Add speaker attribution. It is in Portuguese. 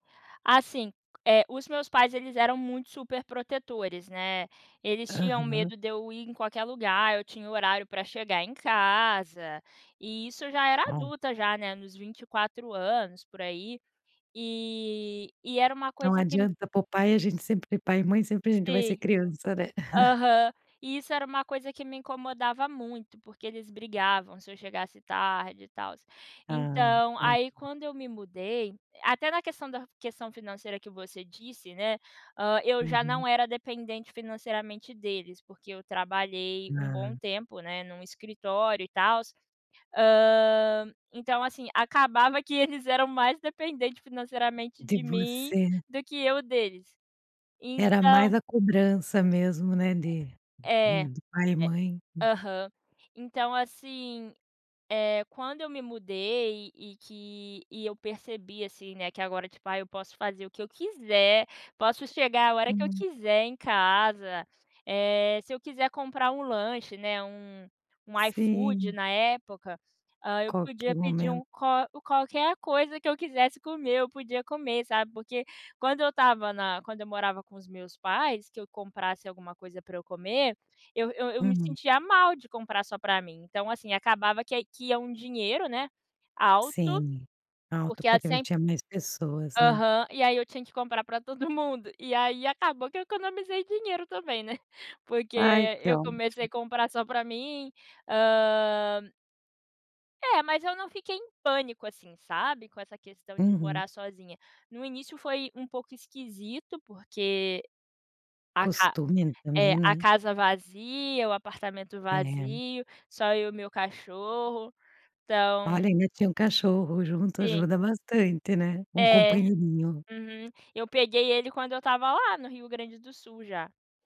Speaker 1: Assim, eh, os meus pais, eles eram muito superprotetores, né. Eles tinham
Speaker 2: Aham.
Speaker 1: medo de eu ir em qualquer lugar, eu tinha horário pra chegar em casa, e isso eu já era
Speaker 2: Au.
Speaker 1: adulta já, né, nos 24 anos, por aí. E e era uma
Speaker 2: Não
Speaker 1: coisa que me
Speaker 2: adianta, para o pai a gente sempre pai e mãe sempre a gente vai ser
Speaker 1: Si
Speaker 2: criança, né.
Speaker 1: aham. E isso era uma coisa que me incomodava muito, porque eles brigavam se eu chegasse tarde e tal.
Speaker 2: Ai
Speaker 1: Então aí
Speaker 2: [unintelligible]
Speaker 1: quando eu me mudei até na questão da questão financeira que você disse, né, hã, eu já
Speaker 2: Uhum.
Speaker 1: não era dependente financeiramente deles, porque eu trabalhei um bom
Speaker 2: Ah.
Speaker 1: tempo, né, num escritório e tal. Hã, então assim, acabava que eles eram mais dependentes financeiramente
Speaker 2: De
Speaker 1: de mim
Speaker 2: você
Speaker 1: do que eu deles.
Speaker 2: Era mais
Speaker 1: Então
Speaker 2: a cobrança mesmo, né,
Speaker 1: É
Speaker 2: de
Speaker 1: é, é.
Speaker 2: hum, de pai e mãe. Hum.
Speaker 1: Aham. Então assim, eh, quando eu me mudei e que e eu percebi, assim, né, que agora, tipo, "ai, eu posso fazer o que eu quiser, posso chegar a hora que eu
Speaker 2: Uhum.
Speaker 1: quiser em casa". Eh, se eu quiser comprar um lanche, né, um um iFood
Speaker 2: Sim.
Speaker 1: na época, hã, eu podia
Speaker 2: Qualquer
Speaker 1: pedir
Speaker 2: momento.
Speaker 1: um qual qualquer coisa que eu quisesse comer, eu podia comer, sabe? Porque quando eu estava na quando eu morava com os meus pais, que eu comprasse alguma coisa pra eu comer, eu eu eu me
Speaker 2: Hum.
Speaker 1: sentia mal de comprar só pra mim. Então, assim, acabava que que ia um dinheiro, né, alto,
Speaker 2: Sim, alto,
Speaker 1: porque a
Speaker 2: porque m
Speaker 1: sem
Speaker 2: tinha mais pessoas, né.
Speaker 1: Aham, e aí eu tinha que comprar para todo mundo. E aí acabou que eu economizei dinheiro também, né. Porque
Speaker 2: Ai que
Speaker 1: eu comecei
Speaker 2: ótimo.
Speaker 1: a comprar só pra mim. Hã É, mas eu não fiquei em pânico, assim, sabe? Com essa questão de
Speaker 2: Uhum.
Speaker 1: morar sozinha. No início foi um pouco esquisito, porque a ca
Speaker 2: Costume n
Speaker 1: eh,
Speaker 2: também,
Speaker 1: a
Speaker 2: né?
Speaker 1: casa vazia, o apartamento
Speaker 2: É.
Speaker 1: vazio, só eu e meu cachorro.
Speaker 2: Olha,
Speaker 1: Então
Speaker 2: ainda tinha um cachorro junto.
Speaker 1: Sim.
Speaker 2: Ajuda bastante, né, um
Speaker 1: É,
Speaker 2: companheirinho.
Speaker 1: uhum. Eu peguei ele quando eu estava lá no Rio Grande do Sul já.